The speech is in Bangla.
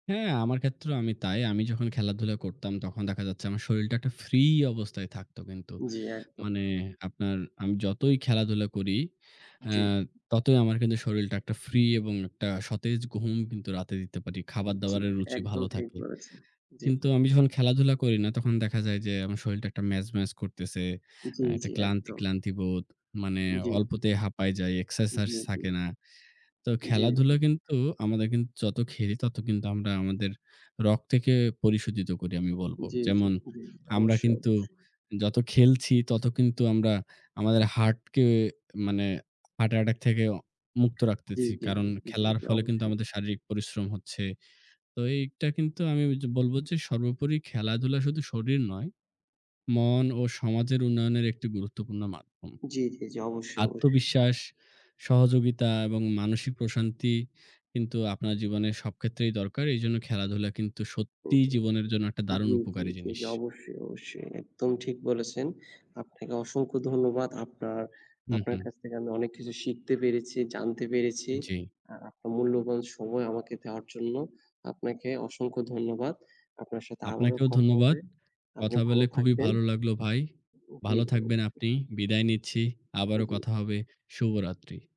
হ্যাঁ, আমার ক্ষেত্রেও আমি তাই। আমি যখন খেলাধুলা করতাম, তখন দেখা যাচ্ছে আমার শরীরটা একটা ফ্রি অবস্থায় থাকত কিন্তু। জ্বী। একদম। মানে, আপনার আমি যতই খেলাধুলা করি, অ্যা জ্বী। ততই আমার কিন্তু শরীরটা একটা ফ্রি এবং একটা সতেজ ঘুম কিন্তু রাতে দিতে পারি। জ্বী। খাবার-দাবারের রুচি একদম ভালো ঠিক থাকে। বলেছেন। জ্বী। কিন্তু আমি যখন খেলাধুলা করি না, তখন দেখা যায় যে আমার শরীরটা একটা ম্যাজম্যাজ করতেছে। অ্যা জ্বী, একটা জ্বী। ক্লান্তি, একদম। ক্লান্তি, বোধ। মানে, উম জ্বী। অল্পতেই হাঁপায় যাই, এক্সারসাইজ জ্বী, জ্বী। থাকে না। তো জ্বী, জ্বী। খেলাধুলা কিন্তু আমাদের কিন যত খেলি, তত কিন্তু আমরা আমাদের রক্তকে পরিশোধিত করি আমি বলব। জ্বী, জ্বী, যেমন, জ্বী, জ্বী। আমরা অবশ্যই, কিন্তু অবশ্যই। যত খেলছি, তত কিন্তু আমরা আমাদের হার্টকে, মানে হার্ট অ্যাটাক থেকেও মুক্ত জ্বী, রাখতেছি। জ্বী, কারণ, খেলার জ্বী। ফলে কিন্তু অবশ্যই। আমাদের শারীরিক পরিশ্রম হচ্ছে। তো এইটা কিন্তু আমি ওইয বলব যে সর্বোপরি খেলাধুলা শুধু শরীর নয়, মন ও সমাজের উন্নয়নের একটি গুরুত্বপূর্ণ মাধ্যম। জ্বী, জ্বী, জ্বী। অবশ্যই, অবশ্যই। আত্মবিশ্বাস, সহযোগিতা এবং মানসিক প্রশান্তি কিন্তু, আপনার জীবনের সব ক্ষেত্রেই দরকার। এইজন্য খেলাধুলা কিন্তু সত্যিই জীবনের জন্য একটা দারুণ জ্বী, জ্বী, উপকারী জ্বী। জিনিস। অবশ্যই, অবশ্যই। একদম ঠিক বলেছেন। আপনাকে অসংখ্য ধন্যবাদ। আপনার হুম, আপনার হুম। কাছ থেকে আমি অনেক কিছু শিখতে পেরেছি, জানতে পেরেছি। জ্বী। আর আপনার মূল্যবান সময় আমাকে দেওয়ার জন্য আপনাকে অসংখ্য ধন্যবাদ। আপনার সাথে আবারও আপনাকেও কথা ধন্যবাদ। হবে। আপনি কথা ভালো বলে খুবই থাকবেন। ভালো লাগলো, ভাই। উম জ্বী, ভালো থাকবেন ওবশ্যই। আপনি, বিদায় নিচ্ছি। উ আবারও জ্বী। কথা হবে। শুভরাত্রি।